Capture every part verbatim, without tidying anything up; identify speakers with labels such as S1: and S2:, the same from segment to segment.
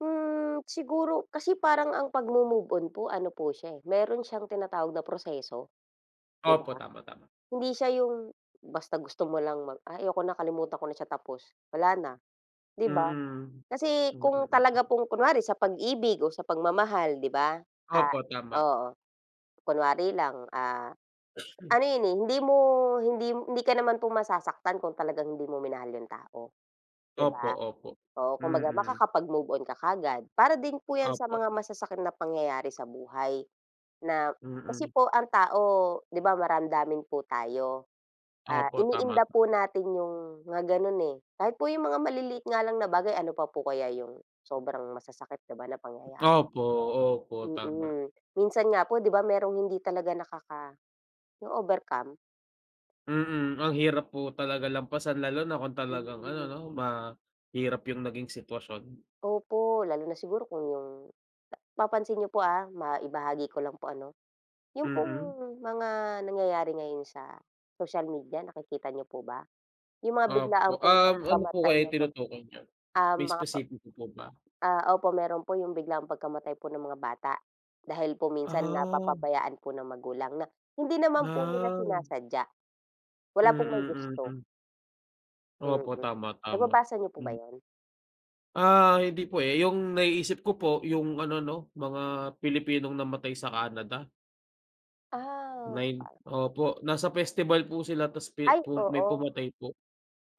S1: Hmm, siguro kasi parang ang pagmo-move on po ano po siya, eh, meron siyang tinatawag na proseso, di
S2: Opo,
S1: ba?
S2: tama, tama.
S1: Hindi siya 'yong basta gusto mo lang mag ah, ayoko na kalimutan ko na siya tapos. wala na, 'di ba?
S2: Mm.
S1: Kasi
S2: Mm,
S1: kung talaga
S2: mm.
S1: pong kunwari, sa pag-ibig o sa pagmamahal, 'di ba, ah,
S2: Opo, tama.
S1: oo. Kunwari lang, ah, ano 'yon, eh, hindi mo hindi hindi ka naman pong masasaktan kung talagang hindi mo minahal 'yong tao, 'di
S2: Opo,
S1: ba.
S2: opo.
S1: Oo, kung baga
S2: Mm.
S1: makakapag-move on ka kaagad. Para din po 'yan sa
S2: Opo.
S1: mga masasakit na pangyayari sa buhay na kasi
S2: Mm.
S1: po ang tao 'di ba maramdamin po tayo. Ah,
S2: Opo, tama.
S1: iniinda po natin 'yong mga ganun, eh. Kahit po 'yong mga maliliit nga lang na bagay ano pa po kaya 'yong sobrang masasakit, 'di ba, na pangyayari.
S2: Opo, opo, tama.
S1: Mm. Minsan nga po 'di ba merong hindi talaga nakaka 'yong overcome.
S2: Mm. Ang hirap po talaga lampasan lalo na kung talagang ano
S1: Mm.
S2: 'no, mahirap yung naging sitwasyon.
S1: Opo. Lalo na siguro kung yung papansin niyo po, ah, maibahagi ko lang po ano. Yung pong
S2: Mm.
S1: mga nangyayari ngayon sa social media nakikita niyo po ba? Yung mga
S2: Opo,
S1: biglaang pong
S2: um, ano po
S1: pagkamatay
S2: kaya
S1: ng mga,
S2: tinutukoy niyo?
S1: ah,
S2: May
S1: mga pa
S2: espesipiko po ba?
S1: Ah, opo meron po yung biglang pagkamatay po ng mga bata dahil po minsan
S2: Ah.
S1: napapabayaan po ng magulang na hindi naman po nila
S2: Ah.
S1: sinasadya. Wala pong may
S2: Mm,
S1: gusto.
S2: mm.
S1: Mm,
S2: Opo, tama, tama.
S1: nababasa niyo po ba
S2: M
S1: 'yon?
S2: Ah, hindi po, eh. Yung naiisip ko po yung ano 'no, mga Pilipinong namatay sa Canada.
S1: Ah,
S2: Nine.
S1: par
S2: Opo, nasa festival po sila tapos pi
S1: Ay
S2: may
S1: oo.
S2: pumatay po.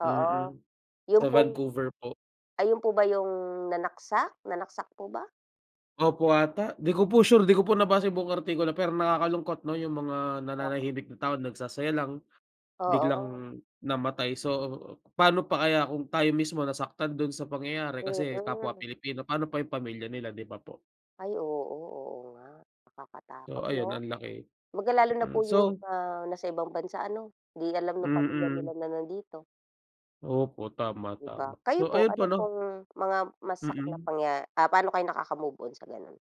S1: Oo,
S2: Mm.
S1: yung
S2: Sa
S1: pong
S2: Vancouver po.
S1: Ayun po ba 'yong nanaksak? Nanaksak po ba?
S2: Opo 'ata. 'Di ko po sure, 'di ko po nabasa buong artikulo, pero nakakalungkot 'no yung mga
S1: Oo.
S2: nananahimik na tao, nagsasaya lang biglang
S1: Oo.
S2: namatay. So, pa'no pa kaya kung tayo mismo nasaktan dun sa pangyayari kasi kapwa
S1: Mm.
S2: Pilipino. Pa'no pa yung pamilya nila, 'di ba po?
S1: Ay oo, oo nga.
S2: So,
S1: Nakakatakot
S2: ayun
S1: 'no.
S2: ang laki.
S1: 'Baga lalo na
S2: Mm,
S1: po yung
S2: so
S1: mga nasa ibang bansa ano, 'di alam nung pamilya nila
S2: Mm.
S1: na nandito.
S2: Opo, tama,
S1: 'Di ba?
S2: tama. So,
S1: Kayo po
S2: ayun po
S1: ano
S2: 'no
S1: pong mga masakit na
S2: Mm.
S1: pangya ah, pa'no kayo nakakamove-on sa ganun?